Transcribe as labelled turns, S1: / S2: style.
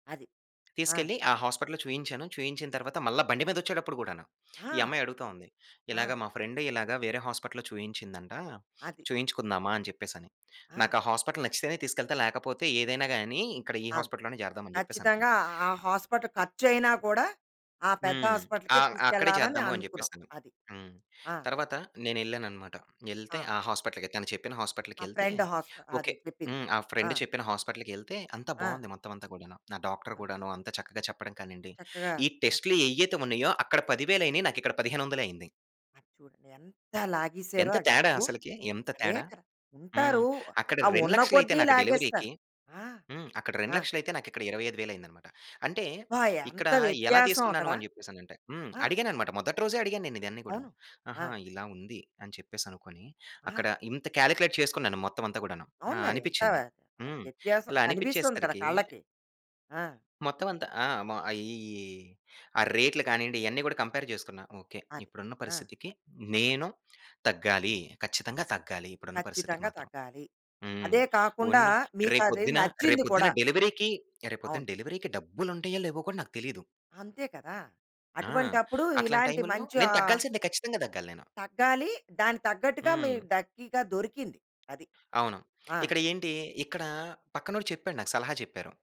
S1: అది. ఆ!
S2: తీసుకెళ్లి ఆ హాస్పిటల్‌లో చూయించాను. చూయించిన తర్వాత, మల్లా బండి మీదొచ్చేటప్పుడు గూడాను, ఈ
S1: ఆ!
S2: అమ్మాయి అడుగుతా ఉంది. "ఇలాగ
S1: ఆ!
S2: మా ఫ్రెండ్ ఇలాగ వేరే హాస్పిటల్‌లో చూయించిందంట.
S1: అది.
S2: చూయించుకుందామా," అని చెప్పేసని.
S1: ఆ!
S2: నాకు ఆ హాస్పిటల్ నచ్చితేనే తీసుకెళ్తా, లేకపోతే ఏదైనా గానీ ఇక్కడ ఈ
S1: ఆ! హ్మ్.
S2: హాస్పిటల్‌లోనే జేరదాం అని చెప్పేసనుకున్న.
S1: ఖచ్చితంగా ఆ హాస్పిటల్ ఖర్చయినా కూడా, ఆ పెద్ద
S2: హ్మ్.
S1: హాస్పిటల్‌కే
S2: ఆహ్, అక్కడే
S1: తీసుకెళ్లాలని
S2: చేద్దాము అని
S1: అనుకునావు.
S2: చెప్పేసని.
S1: అది.
S2: హ్మ్.
S1: ఆ!
S2: తరువాత నేనెళ్ళాననమాట. యెళ్తే,
S1: ఆ!
S2: ఆ హాస్పిటల్‌కె తను చెప్పిన
S1: ఆ
S2: హాస్పిటల్‌కెళ్తే
S1: ఫ్రెండ్ హాస్ప అదే
S2: ఓకె.
S1: చెప్పింది.
S2: హ్మ్. ఆ
S1: ఆ!
S2: ఫ్రెండ్ చెప్పిన హాస్పిటల్‌కెళ్తే అంతా
S1: ఆ!
S2: బావుంది. మొత్తం అంతా కూడాను. ఆ డాక్టర్ కూడాను, అంతా చక్కగా చెప్పడం కానీ అండి,
S1: చక్కగా
S2: ఈ
S1: అ
S2: టెస్టులు ఏయ్యైతే ఉన్నాయో అక్కడ పదివేలైనియి నాకిక్కడ పదిహేనొందలే అయింది.
S1: అది చూడండి, ఎంత లాగేసారో
S2: ఎంత
S1: ఆ
S2: తేడా
S1: డబ్బు.
S2: అసలకి. ఎంత
S1: అదే
S2: తేడా.
S1: కదా,
S2: హ్మ్.
S1: ఉంటారు.
S2: అక్కడ
S1: ఆ
S2: రెండు
S1: వున్న
S2: లక్షలయితే
S1: కొద్దీ
S2: నాకు డెలివరీకి
S1: లాగేస్తారు. ఆ!
S2: హ్మ్. అక్కడ రెండు
S1: ఆ!
S2: లక్షలయితే నాకిక్కడ ఇరవై ఐదు వేలయిందనమాట. అంటే
S1: అబ్బా!
S2: ఇక్కడ
S1: ఎంత
S2: ఎలా
S1: వ్యత్యాసం
S2: తీసుకున్నాను
S1: అక్కడ.
S2: అని చెప్పేసనంటే హ్మ్.
S1: ఆ!
S2: అడిగాననమాట. మొదటి రోజే అడిగా నేనిదన్ని గూడాను.
S1: అవును.
S2: ఆహా!
S1: ఆ!
S2: ఇలా ఉంది అని చెప్పేసనుకొని,
S1: ఆ!
S2: అక్కడ ఇంత కాలిక్యులేట్ చేసుకున్నాను మొత్తం అంతా గూడాను. ఆ!
S1: అవును మరి. అంత
S2: అనిపిచింది.
S1: ఆహ్,
S2: హ్మ్.
S1: వ్యత్యాసం
S2: ఇలా
S1: కనిపిస్తుంది కదా!
S2: అనిపిచ్చేసరికి
S1: కళ్ళకి. ఆ!
S2: మొత్తమంత ఆ! మా అయియి ఆ రేట్‌లు కానీండి, ఇయన్ని గూడా కంపేర్ చేసుకున్న. ఓకె.
S1: అది.
S2: ఇప్పుడున్న
S1: ఆ!
S2: పరిస్థితికి నేను తగ్గాలి. కచ్చితంగా తగ్గాలి, ఇప్పుడున్న పరిస్థితికి
S1: ఖచ్చితంగా
S2: మాత్రం.
S1: తగ్గాలి.
S2: హ్మ్.
S1: అదే కాకుండా
S2: ఉన్న
S1: మీకది
S2: రేపొద్దున,
S1: నచ్చింది
S2: రేపొద్దున
S1: కూడా.
S2: డెలివరీకి రేపొద్దున
S1: అవును.
S2: డెలివరీకి డబ్బులుంటాయో లేవో కూడా నాకు తెలీదు.
S1: అంతే కదా!
S2: ఆ!
S1: అటువంటప్పుడు.
S2: అట్లాంటి
S1: ఇలాంటి
S2: టైము‌ల్లో,
S1: మంచి
S2: నేను
S1: ఆహ్
S2: తగ్గాల్సిందే ఖచ్చితంగా తగ్గాలి నేను.
S1: తగ్గాలి. దాని తగ్గట్టుగా మీ
S2: హ్మ్.
S1: డక్కీగా దొరికింది. అది.
S2: అవును.
S1: ఆ!
S2: ఇక్కడ ఏంటి? ఇక్కడా పక్కనోడు చెప్పాడు. నాకు సలహా చెప్పారు.